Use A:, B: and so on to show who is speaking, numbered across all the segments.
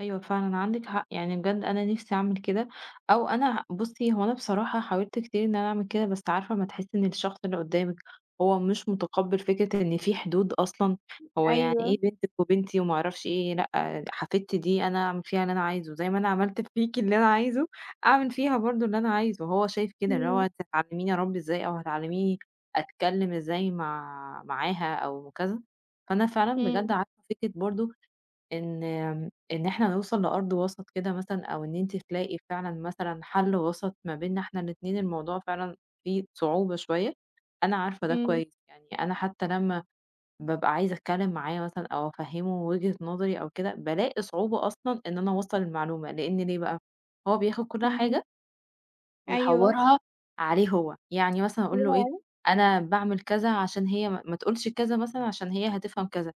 A: أيوة فعلًا عندِك حق، يعني بجد أنا نفسي أعمل كده، أو أنا ه بُصّي هو أنا بصراحة حاولت كتير إن أنا أعمل كده بس عارفة أمّا تحسّي إن الشخص اللي قُدّامِك هو مش مُتقبِّل فكرة إن في حدود أصلًا، "هو يعني
B: أيوه.
A: إيه بنتِك وبنتي وما أعرفش إيه، لأ حفيدتي دي أنا أعمل فيها اللي أنا عايزه، زي ما أنا عملت فيكِ اللي أنا عايزه أعمل فيها برضه اللي أنا عايزه." هو شايف كده إن هو
B: امم.
A: هتعلّميني أرَبّي إزاي أو هتعلّميني أتكلّم إزاي مع معاها؟ أو كذا، فأنا فعلًا بجد
B: امم.
A: عارفة فكرة برضه إن إن إحنا نوصَل لأرض وسَط كده مثلًا، أو إن أنتِ تلاقي فعلًا مثلًا حَل وسَط ما بيننا إحنا الإتنين، الموضوع فعلًا فيه صعوبة شوية، أنا عارفة ده
B: امم.
A: كويس، يعني أنا حتى لمّا بابقى عايزة أتكلّم معاه مثلًا أو أفَهّمه وِجهة نظري أو كده بالاقي صعوبة أصلًا إن أنا أوَصّل المعلومة لإن ليه بقى؟ هو بياخد كل
B: اهم.
A: حاجة
B: أيوه.
A: ويحوّرها عليه هو، يعني مثلًا
B: [unintelligible]
A: أقول له إيه،
B: عليه؟
A: أنا باعمل كذا عشان هي ما ما تقولش كذا مثلًا عشان هي هتفهَم كذا،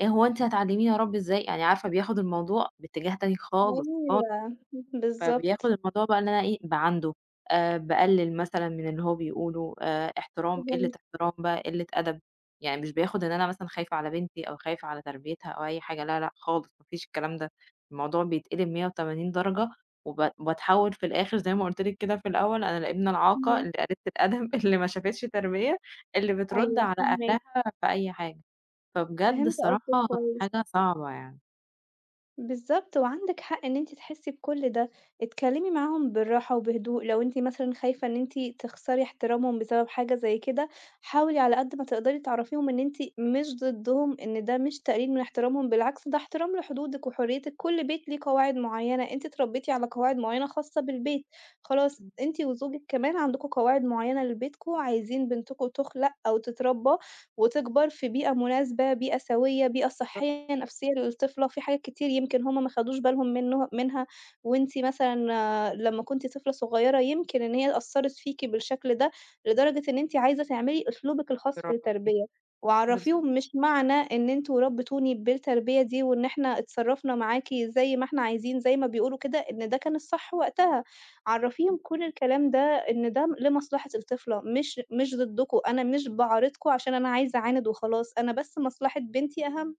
A: "إيه هو أنتِ هتعلّميني أرَبّي إزاي؟" يعني عارفة بياخد الموضوع باتجاه تاني خالص، خالص،
B: أيوه. امم،
A: فبياخد
B: بالضبط.
A: الموضوع بقى إن أنا إيه، باعاندُه آآ، باقلّل مثلًا من اللي هو بيقوله، آآ إحترام، قلّة
B: فهِمتِك.
A: إحترام بقى قلة أدب، يعني مش بياخد إن أنا مثلًا خايفة على بنتي أو خايفة على تربيتها أو أي حاجة ،لا، لأ خالص، ما فيش الكلام ده، الموضوع بيتقلب 180 درجة وب باتحوّل في الآخِر زي ما قلت لِك كده في الأول، أنا الإبنة العاقة
B: اهم.
A: اللي قليلة الأدب، اللي ما شافتش تربية، اللي بترُد
B: أيوه
A: على
B: فاهماكِ.
A: أهلها في أي حاجة. فبجد
B: فهِمت قصدِك
A: الصراحة
B: كويس.
A: حاجة صعبة يعني.
B: بالضبط، وعندِك حق إن أنتِ تحسّي بكُل ده، اتكلّمي معاهم بالراحة وبهدوء لو أنتِ مثلًا خايفة إن أنتِ تخسري إحترامهم بسبب حاجة زي كده، حاولي على قد ما تقدَري تعرّفيهم إن أنتِ مش ضِدُّهم، إن ده مش تقليل من إحترامهم، بالعكس ده إحترام لحدودِك وحرّيتِك. كل بيت ليه قواعد مُعيّنة، أنتِ اتربيتِ على قواعد مُعيّنة خاصّة بالبيت، خلاص
A: إمم.
B: أنتِ وزوجِك كمان عندكم قواعد معينة لبيتكم، عايزين بنتكم تُخلَق أو تتربى وتكبَر في بيئة مناسبة، بيئة سويّة، بيئة
A: بالضبط.
B: صحيّة نفسية للطفلة وفي حاجات كتير يمكن هُم ما خدوش بالهم منُّه منها وأنتِ مثلًا لمّا كُنتِ طفلة صغيرة يمكن إن هي أثّرِت فيكِ بالشكل ده لدرجة إن أنتِ عايزة تعملي أسلوبِك الخاص في
A: برافو عليكِ،
B: التربية.
A: بالضبط.
B: وعرّفيهم مش معنى إن أنتم ربّيتوني بالتربية دي وإن "إحنا اتصرّفنا معاكِ زي ما إحنا عايزين." زي ما بيقولوا كده إن ده كان الصح وقتها، عرّفيهم
A: إمم.
B: كل الكلام ده، إن ده م لمصلحة الطفلة مش مش ضدُّكم، أنا مش باعارضكم عشان أنا عايزة أعاند وخلاص أنا بس مصلحة بنتي أهَم.